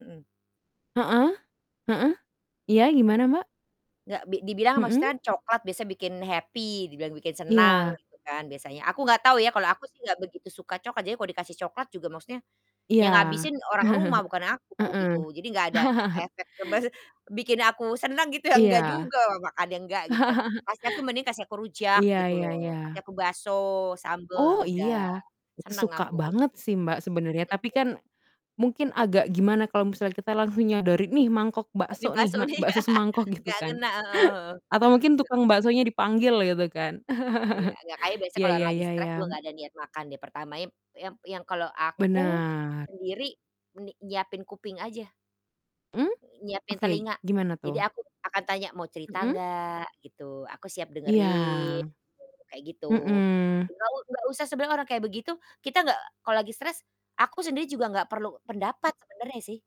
Mhm. Heeh, heeh. Iya, gimana Mbak? Nggak, bi dibilang Mhm. maksudnya kan coklat biasanya bikin happy, dibilang bikin Iya. senang, gitu kan biasanya. Aku nggak tahu ya, kalau aku sih nggak begitu suka coklat. Jadi kalau dikasih coklat juga maksudnya, Iya. yang ngabisin orang rumah bukan aku, Heeh. gitu. Jadi nggak ada e efek ngebes bikin aku senang gitu ya, enggak Iya. juga, wa wa kadang enggak, gitu kan. Kasih aku mending kasih aku rujak, Iya gitu iya iya. loh, kasih aku bakso, sambel, nah Oh, udah, iya. Itu senang suka aku. banget sih, Mbak, sebenarnya. Mhm. Tapi kan, mungkin agak gimana kalau misalnya kita langsung nyodori, "Nih mangkok "Eh, nih, bakso nih, bakso mak nih." bakso semangkok." Gitu Nggak kan? ngena, heeh heeh. Atau mungkin Heeh. tukang baksonya dipanggil, gitu kan. Iya, nggak, kayaknya biasa Iya, kalau ya orang lagi ya stres ya. juga nggak ada niat makan deh pertamanya ep yang yang kalau aku, Benar. sendiri, ni nyiapin kuping aja. Mmm. Nyiapin Oke, telinga. gimana Jadi tuh? aku akan tanya, "Mau cerita Mhm. nggak?" Gitu, "Aku siap Iya. dengerin." Gitu, kayak gitu. Mhm. Nggak u nggak usah sebenarnya orang kayak begitu, kita nggak, eee, kalau lagi stres aku sendiri juga nggak perlu pendapat sebenarnya sih.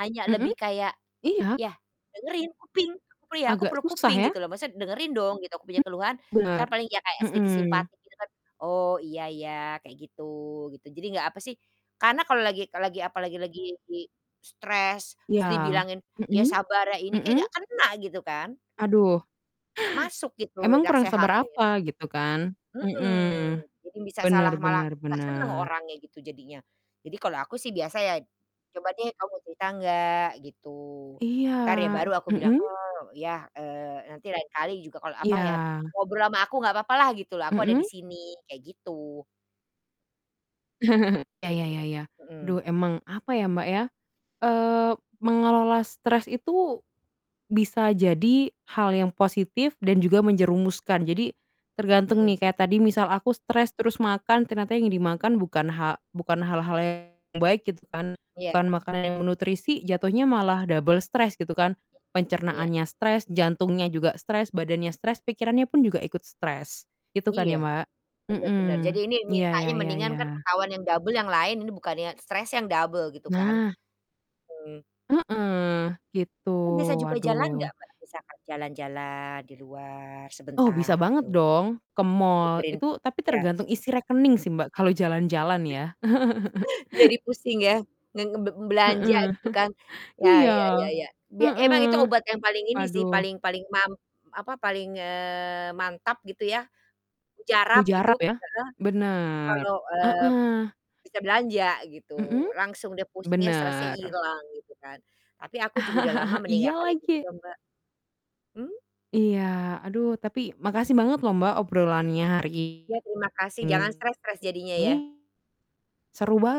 Hanya Mhm. lebih kayak, Iya. ya, dengerin, kuping. Aku perlu ya aku Agak perlu susah kuping, ya? gitu loh. Maksudnya dengerin dong gitu, aku punya Mmm, keluhan. Entar benar. paling ya kayak sedikit Mhm. simpati gitu kan, "Oh, iya iya. Kayak gitu-" gitu. Jadi nggak apa sih, karena kalau lagi kalau lagi apa lagi lagi stres, Iya. terus dibilangin, "Ya Mhm. sabar ya." Ini kayak Mmm. nggak kena gitu kan? Aduh, Nggak masuk gitu, emang kurang sabar nasehatin. apa, gitu kan? Mhm. Mhm. Jadi bisa Benar salah malah benar nggak senang benar. orangnya gitu jadinya. Jadi kalau aku sih biasa ya, "Coba deh, kamu cerita nggak?" Gitu. Entar ya Iya. baru aku bilang, Mhm. "Oh, ya, eee, nanti lain kali juga, kalau apa ya, Iya. ngobrol sama aku nggak apa-apa lah," gitu loh, "aku ada Mhm. di sini." Kayak gitu. Ya ya ya ya. Mhm. Aduh emang, apa ya, Mbak, ya, eee, mengelola stres itu, bisa jadi hal yang positif dan juga menjerumuskan. Jadi, tergantung nih, Mhm. kayak tadi misal aku stres terus makan, ternyata yang dimakan bukan ha bukan hal-hal yang baik gitu kan, Iya. bukan makanan yang bernutrisi jatuhnya malah double stres, gitu kan. Ya. Iya. Pencernaannya stres, jantungnya juga stres, badannya stres, pikirannya pun juga ikut stres. Gitu kan Iya, ya, Mbak? benar benar. Jadi Mhm. ini Iya, mintanya ya ya mendingan kan ya. ketahuan yang double, yang lain, ini bukannya stresnya yang double, gitu kan? Nah. Mmm. Heeh, gitu, Kan biasa juga waduh. jalan nggak Mbak, misalkan jalan-jalan, di luar, Oh, sebentar bisa banget gitu? dong, ke mall. Nyegerin Itu tapi iya. tergantung isi rekening sih Mbak, kalau jalan-jalan ya. Jadi pusing, ya? Nge nge be belanja Heeh. gitu kan. Ya Iya. ya ya ya. Bia emang Heeh. itu obat yang paling ini sih, Aduh. paling paling mam apa, paling, eee, mantap gitu ya. Mujarab gitu Mujarab ya? heeh, Benar. kalau, eee, Heeh. bisa belanja Mhm? gitu, langsung dia, pusingnya, stresnya Benar. hilang gitu kan? Tapi aku juga udah lama Iya, meninggalkan itu lagi. juga, Mbak. Mmm? Iya, aduh tapi makasih banget loh Mbak, obrolannya hari Ya, terima kasih, jangan ini. stres-stres jadinya, ya. Seru bang